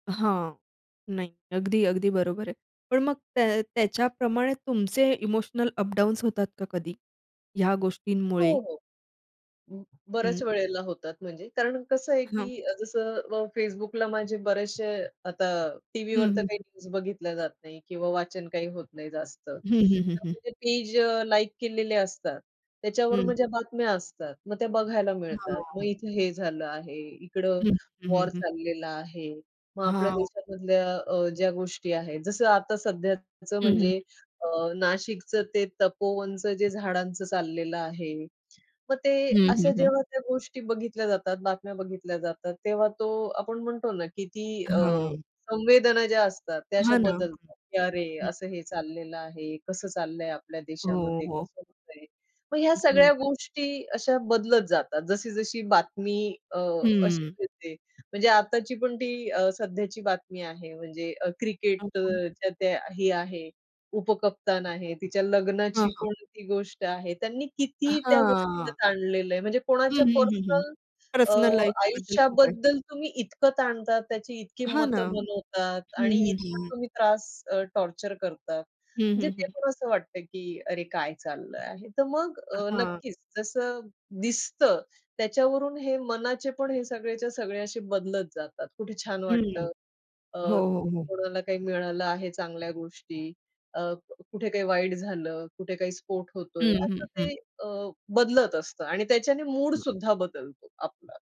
हां, नाही. अगदी, अगदी बरोबर आहे. पण मग त्या त्याच्याप्रमाणे तुमचे इमोशनल अपडाउन्स होतात का कधी ह्या गोष्टींमुळे? हो, हो. अं, हं. बऱ्याच वेळेला होतात. म्हणजे कारण कसं आहे हं. की अ, जसं अ, Facebookला माझे बरेचशे आता हं, टीव्हीवर हं, तर काही हं. न्यूज बघितल्या जात नाही किंवा वाचन काही होत नाही जास्त, तर हं, हं, हं, हं. म्हणजे पेज लाइक केलेले असतात, त्याच्यावर हं. माझ्या बातम्या असतात. मग त्या बघायला मिळतात. मग हां. इथे हे झालं आहे, इकडं हं, हं, वॉर हं. चाललेला आहे. मग आपल्या हां. देशामध्ये अ, ज्या गोष्टी आहेत. जसं आता सध्याचं हं, हं. म्हणजे अ, नाशिकचं ते तपोवनचं जे झाडांचं चाललेलं आहे. मग ते हं, हं, हं. जेव्हा त्या गोष्टी बघितल्या जातात, बातम्या बघितल्या जातात तेव्हा तो आपण म्हणतो ना, की ती अ, हां. संवेदना ज्या असतात त्या अशा हां ना. बदलतात. की अरे, हं. असं हे चाललेलं आहे, कसं चाललंय आपल्या हो, देशामध्ये हो. कसं होतय, मग ह्या हं. सगळ्या गोष्टी अशा बदलत जातात. जशी-जशी बातमी अ, अशी हं. मिळते. म्हणजे आत्ताची पण ती अ, सध्याची बातमी आहे म्हणजे अ, [unintelligible] क्रिकेटच्या त्या हे आहे, उपकप्तान आहे, तिच्या हां, लग्नाची हां. कोणती गोष्ट आहे, त्यांनी किती त्या गोष्टीला हां. ताणलेलं आहे. म्हणजे हं, कोणाच्या हं, हं, हं पर्सनल अ, पर्सनल लाईफबद्दल खूप आहे. आयुष्याबद्दल तुम्ही इतकं ताणतात, त्याची इतकी हां ना, मतं बनवतात हं, आणि हं, इतका हं. तुम्ही त्रास अ, टॉर्चर करतात. हं, म्हणजे हं, ते हं. पण असं वाटतं की अरे, काय चाललंय आहे तर मग अ, अहां. नक्कीच जसं दिसतं त्याच्यावरून हे मनाचे पण हे सगळेच्या सगळे असे बदलत जातात. कुठे छान हं, वाटतं. अ, हो, हो, हो. कोणाला काही मिळालं आहे चांगल्या गोष्टी, अ, कुठे काही वाईट झालं, कुठे काही स्फोट होतोय, हं, असं हं, हं. ते अ, बदलत असतं आणि त्याच्याने मूडसुद्धा बदलतो आपला.